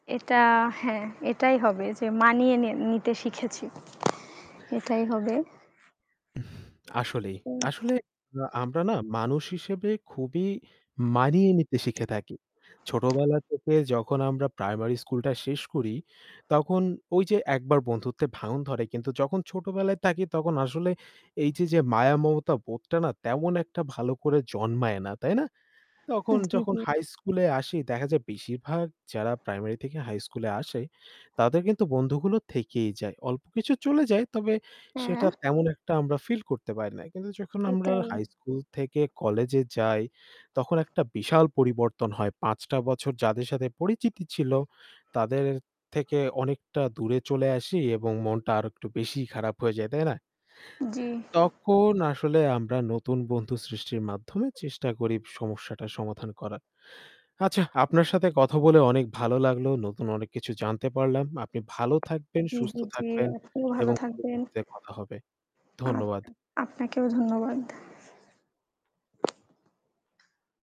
এটা? হ্যাঁ এটাই হবে যে মানিয়ে নি নিতে শিখেছি। এটাই হবে। আসলেই। হুম। আসলে আ আমরা না মানুষ হিসেবে খুবই মানিয়ে নিতে শিখে থাকি। ছোটবেলা থেকে যখন আমরা প্রাইমারি স্কুলটা শেষ করি, তখন ওই যে একবার বন্ধুত্বে ভাঙন ধরে। কিন্তু যখন ছোটবেলায় থাকি তখন আসলে এই যে যে মায়া মমতা বোধটা না তেমন একটা ভালো করে জন্মায় না। তাই না? তখন জি, যখন জি। হাই স্কুলে আসি দেখা যায় বেশিরভাগ যারা প্রাইমারি থেকে হাইস্কুলে আসে তাদের কিন্তু বন্ধুগুলো থেকেই যায়। অল্প কিছু চলে যায় তবে সেটা হ্যাঁ। তেমন একটা আমরা ফিল করতে পারি না। কিন্তু যখন আমরা এটাই। হাই স্কুল থেকে কলেজে যাই তখন একটা বিশাল পরিবর্তন হয়। ৫টা টা বছর যাদের সাথে পরিচিতি ছিল তাদের থেকে অনেকটা দূরে চলে আসি এবং মনটা আরো একটু বেশিই খারাপ হয়ে যায়। তাই না? জি। তখন আসলে আমরা নতুন বন্ধু সৃষ্টির মাধ্যমে চেষ্টা করি সমস্যাটা সমাধান করার। আচ্ছা আপনার সাথে কথা বলে অনেক ভালো লাগলো নতুন অনেক কিছু জানতে পারলাম। আপনি ভালো থাকবেন জি, সুস্থ জি, জি থাকবেন আপনিও ভালো এবং থাকবেন। পরবর্তীতে কথা হবে। আপ ধন্যবাদ। আপনাকেও ধন্যবাদ।